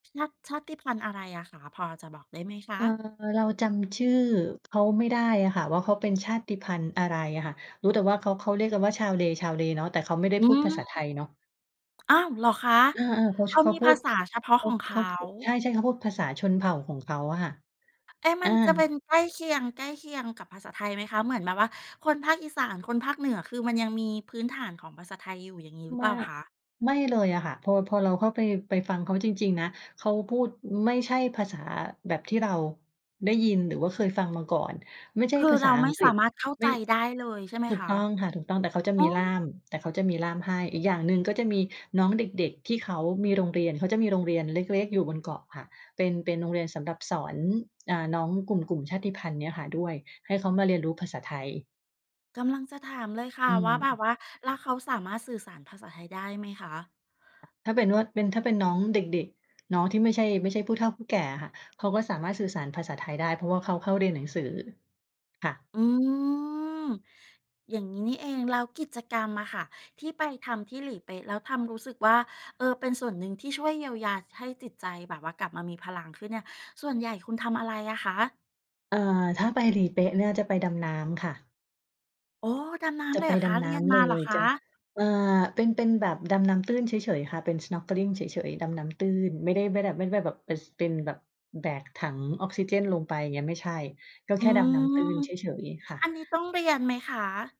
ชาติ ชาติพันธุ์อะไรอะคะ พอจะบอกได้ไหมคเะ? อ่อ เราจำชื่อเขาไม่ได้อะค่ะว่า เขาเป็นชาติพันธุ์อะไรอะค่ะ รู้แต่ว่าเขา เขาเรียกกันว่า ชาวเล ชาวเลเนาะ แต่เขาไม่ได้อืพูดภาษาไทม ยเนาะ อ้าว! เหรอคะ? เออ ๆ เขา เขช าเขามีพูภาด ษาเฉพาะข เขของเขาา พูด ใช่ ๆ เขาพูดภาษาชนเผ่าของเขาอะค่ะ เอ๊ะ มอัา นจะเป็นใกล้เคียง ใกล้เคียงกับภาษาไทยไหมคะ? เหมือนแบบว่า คนภาคอีสาน คนภาคเหนือ คือมันยังมีพื้นฐานของภาษาไทยอยู่อย่างงี้หรือเมปาล่าก คะ? ไม่เลยอะค่ะ พอ พอเราเข้าไป ไปฟังเขาจริง ๆ นะ เขาพูดไม่ใช่ภาษาแบบที่เรา ได้ยิน หรือว่าเคยฟังมาก่อน ไม่ใช่คือภาเษราาอไมั่งกสฤาษ มารถเข้าไมใจ่ ได้เลยใช่ไหมถูคกตะ? ้องค่ะ ถูกต้อง แต่เขาจะอ๋มอ ีล่าม แต่เขาจะมีล่ามให้ อีกอย่างหนึ่งก็จะมีน้องเด็ก ๆ ที่เขามีโรงเรียน เขาจะมีโรงเรียนเล็ก ๆ อยู่บนเกาะค่ะ เป็น เป็นโรงเรียนสำหรับสอน อ่า น้องกลุ่ม กลุ่มชาติพันธุ์เนี้ยค่ะด้วย ให้เขามาเรียนรู้ภาษาไทย กำลังจะถามเลยค่ะอืว่า แบบม ว่าแล้วเขาสามารถสื่อสารภาษาไทยได้ไหมคะ? ถ้าเป็นว่า เป็น ถ้าเป็นน้องเด็ก ๆ น้องที่ไม่ใช่ ไม่ใช่ผู้เฒ่าผู้แก่อะค่ะ เขาก็สามารถสื่อสารภาษาไทยได้ เพราะว่าเขาเข้าเรียนหนังสือค่ะ อืม อย่างงี้นี่เอง แล้วกิจกรรมอะค่ะ ที่ไปทำที่หลีเป๊ะแล้วทำ รู้สึกว่า เอ่อ เป็นส่วนหนึ่งที่ช่วยเยียวยา ส ให้จิตใจแบบว่ากลับมามีพลังขึ้นเนี่ย ส่วนใหญ่คุณทำอะไรอะคะ? เอ่อ ถ้าไปหลีเป๊ะเนี่ยจะไปดำน้ำค่ะ โอ้! ดำน้จะำเลยไเปหรอดคะ? ำเนรี้ยนำมเลาเหรย อคจะ ะ? อ่า เป็น เป็นแบบดำน้ำตื้นเฉย ๆ ค่ะ เป็น snorkeling เฉย ๆ ดำน้ำตื้น ไม่ได้ ไม่ได้แบบ ไม่ได้แบบไป ส ไปเป็นแบบแบกถังออกซิเจนลงไปอย่างเงี้ยไม่ใช่ ก็อืแค่ดำน้ม ำตื้นเฉย ๆ ค่ะ อันนี้ต้องเรียนไหมคะ?